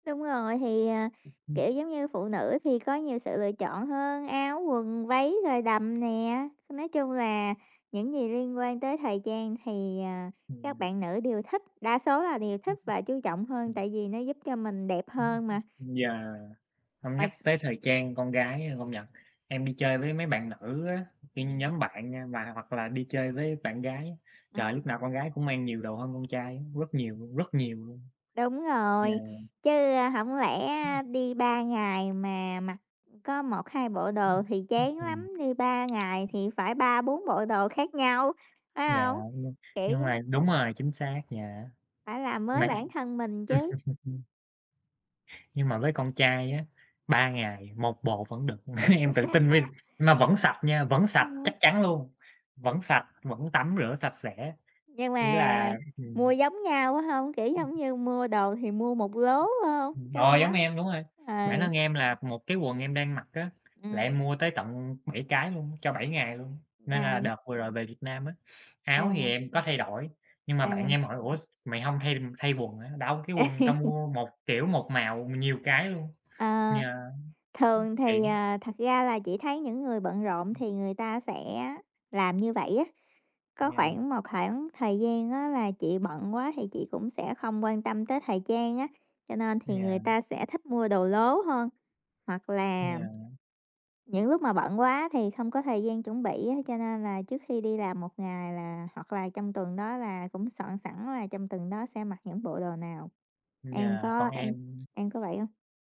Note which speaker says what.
Speaker 1: Đúng rồi, thì, ờ,
Speaker 2: Ừm hưm.
Speaker 1: kiểu, giống như phụ nữ thì có nhiều sự lựa chọn hơn, áo, quần, váy rồi đầm nè. Nói chung là những gì liên quan tới thời trang thì, ờ, các
Speaker 2: Ừm.
Speaker 1: bạn nữ đều thích, đa số là đều
Speaker 2: Ừm
Speaker 1: thích
Speaker 2: hưm.
Speaker 1: và chú trọng hơn
Speaker 2: Ừm.
Speaker 1: tại vì nó giúp cho mình đẹp
Speaker 2: Ừm
Speaker 1: hơn mà.
Speaker 2: hưm. Yeah. Hông nhắc
Speaker 1: Uầy.
Speaker 2: tới thời trang con gái, a, công nhận, em đi chơi với mấy bạn nữ á, cái
Speaker 1: Ừm.
Speaker 2: nhóm bạn nha và hoặc là đi chơi với bạn gái, trời, lúc
Speaker 1: Ừm.
Speaker 2: nào con gái cũng mang nhiều đồ hơn con trai á, rất nhiều luôn, rất nhiều luôn.
Speaker 1: Đúng
Speaker 2: Yeah.
Speaker 1: rồi. Chứ, ơ, hổng lẽ,
Speaker 2: Ừm.
Speaker 1: a, đi 3 ngày mà mặc có 1-2 bộ đồ
Speaker 2: Ừm.
Speaker 1: thì
Speaker 2: Ừm
Speaker 1: chán
Speaker 2: hưm.
Speaker 1: lắm, đi 3 ngày thì phải 3-4 bộ đồ khác nhau, phải
Speaker 2: Dạ,
Speaker 1: hông?
Speaker 2: nhưng
Speaker 1: Kiểu
Speaker 2: nhưng mà
Speaker 1: giống
Speaker 2: đúng rồi, chính xác, dạ.
Speaker 1: phải làm
Speaker 2: Mà
Speaker 1: mới bản thân mình chứ.
Speaker 2: nhưng mà với con trai á, 3 ngày 1 bộ vẫn được. Em tự tin với mà vẫn sạch nha, vẫn
Speaker 1: Ta
Speaker 2: sạch,
Speaker 1: nói
Speaker 2: chắc chắn luôn, vẫn sạch, vẫn tắm rửa sạch sẽ.
Speaker 1: Nhưng
Speaker 2: Ý
Speaker 1: mà
Speaker 2: là
Speaker 1: mua
Speaker 2: ừm.
Speaker 1: giống nhau quá hông, kiểu,
Speaker 2: Ừm.
Speaker 1: giống như mua đồ thì mua một lố, phải hông?
Speaker 2: Ừm hưm, rồi
Speaker 1: Gan
Speaker 2: giống
Speaker 1: lắm.
Speaker 2: em, đúng rồi. Bản
Speaker 1: Ừ.
Speaker 2: thân em là 1 cái quần em đang mặc á, là em
Speaker 1: Ừm.
Speaker 2: mua tới tận 7 cái luôn, cho 7 ngày luôn. Nên là
Speaker 1: À.
Speaker 2: đợt vừa rồi về Việt Nam á, áo thì
Speaker 1: À.
Speaker 2: em có thay đổi, nhưng mà bạn
Speaker 1: À.
Speaker 2: em hỏi: "Ủa, s mày hông thay thay quần hả?" Đâu, cái quần tao mua 1 kiểu, 1 màu nhiều cái luôn.
Speaker 1: Ờ.
Speaker 2: Yeah. Ưm,
Speaker 1: Thường thì,
Speaker 2: tiện.
Speaker 1: à, thật ra là chị thấy những người bận rộn
Speaker 2: Ừm.
Speaker 1: thì người ta sẽ làm như vậy á. Có
Speaker 2: Yeah.
Speaker 1: khoảng một khoảng thời gian á là chị bận quá thì chị cũng sẽ không quan tâm tới thời trang á, cho nên thì người
Speaker 2: Yeah.
Speaker 1: ta sẽ thích mua đồ lố hơn. Hoặc là
Speaker 2: Yeah.
Speaker 1: những lúc mà bận quá thì không có thời gian chuẩn bị á cho nên là trước khi đi làm 1 ngày là hoặc là trong tuần đó là cũng soạn sẵn là trong tuần đó sẽ mặc những bộ đồ nào. Em
Speaker 2: Yeah, còn
Speaker 1: có em
Speaker 2: em
Speaker 1: em có vậy hông?